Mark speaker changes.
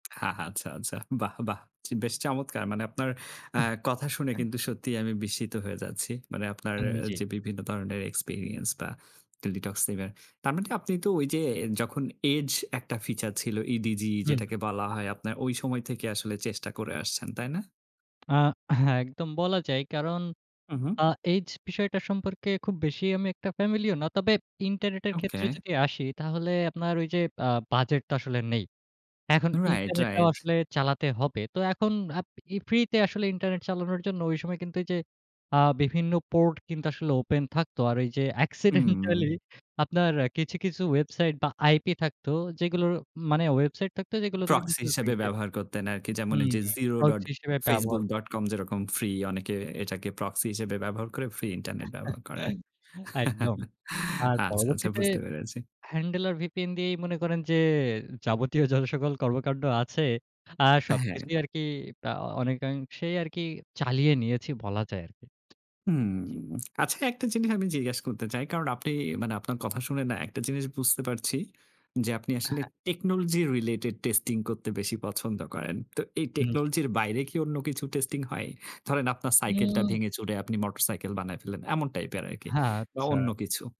Speaker 1: আ আচ্ছা, আচ্ছা, বাহ, বাহ, বেশ চমৎকার! মানে আপনার আ কথা শুনে
Speaker 2: আহ
Speaker 1: সত্যিই আমি বিস্মিত হয়ে যাচ্ছি। মানে আপনার
Speaker 2: আম
Speaker 1: অ্যা
Speaker 2: জি।
Speaker 1: যে বিভিন্ন ধরনের এক্সপেরিয়েন্স বা টেলিটক সিমের। তার মানে আপনি তো ওই যে যখন এজ একটা ফিচার ছিল। ইডিজি
Speaker 2: উম, হু।
Speaker 1: যেটাকে বলা হয় আপনার ওই সময় থেকে চেষ্টা করে আসছেন, তাই না?
Speaker 2: আ হ্যাঁ একদম বলা যায়। কারণ
Speaker 1: উ, হু।
Speaker 2: আ এইজ বিষয়টা সম্পর্কে খুব বেশি আমি একটা ফ্যামিলিয়ার না। তবে ইন্টারনেটের
Speaker 1: ওকে।
Speaker 2: ক্ষেত্রে যদি আসি তাহলে আপনার ওই যে আ বাজেট তো আসলে নেই। এখন
Speaker 1: রাইট,
Speaker 2: ইন্টারনেটটাও
Speaker 1: রাইট।
Speaker 2: আসলে চালাতে হবে। তো এখন আপ ই ফ্রিতে আসলে ইন্টারনেট চালানোর জন্য ওই সময় কিন্তু এই যে আ বিভিন্ন পোর্ট কিন্তু আসলে ওপেন থাকত। আর ওই যে অ্যাক্সিডেন্টালি
Speaker 1: হুম।
Speaker 2: আপনার কিছু, কিছু, ওয়েবসাইট বা আইপি থাকতো যেগুলো মানে ওয়েবসাইট থাকতো যেগুলো থেকে
Speaker 1: প্রক্সি
Speaker 2: কিন্তু [unintelligible]
Speaker 1: হিসেবে
Speaker 2: ফ্রিতে।
Speaker 1: ব্যবহার করতেন আরকি। যেমন
Speaker 2: হুম
Speaker 1: ওই যে
Speaker 2: [unintelligible] হিসেবে ব্যবহার ক
Speaker 1: zero.facebook.com যেরকম ফ্রি। অনেকে এটাকে প্রক্সি হিসেবে ব্যবহার করে ফ্রি ইন্টারনেট ব্যবহার করে।
Speaker 2: একদম। আর
Speaker 1: আচ্ছা, আচ্ছা,
Speaker 2: পরবর্তীতে
Speaker 1: বুঝতে পেরেছি।
Speaker 2: হ্যান্ডেল আর ভিপিএন দিয়েই মনে করেন যে, যাবতীয় যত সকল কর্মকান্ড আছে। আর
Speaker 1: অ্যা হ্যাঁ।
Speaker 2: সবকিছুই আরকি আ অনেকাংশেই আরকি চালিয়ে নিয়েছি বলা যায় আরকি।
Speaker 1: হুম,
Speaker 2: জ্বী।
Speaker 1: আচ্ছা একটা জিনিস আমি জিজ্ঞাসা করতে চাই? কারণ আপনি আপনার কথা শুনে না একটা জিনিস বুঝতে পারছি। যে আপনি আসলে
Speaker 2: হ্যাঁ।
Speaker 1: technology-related testing করতে বেশি পছন্দ করেন। তো এই
Speaker 2: হুম, জি।
Speaker 1: টেকনোলজির বাইরে কি অন্য কিছু টেস্টিং হয়? ধরেন আপনার সাইকেলটা
Speaker 2: উম।
Speaker 1: ভেঙে-চুরে আপনি মোটরসাইকেল বানায় ফেললেন এমন টাইপের আরকি
Speaker 2: হ্যাঁ,
Speaker 1: বা
Speaker 2: আচ্ছা।
Speaker 1: অন্য কিছু?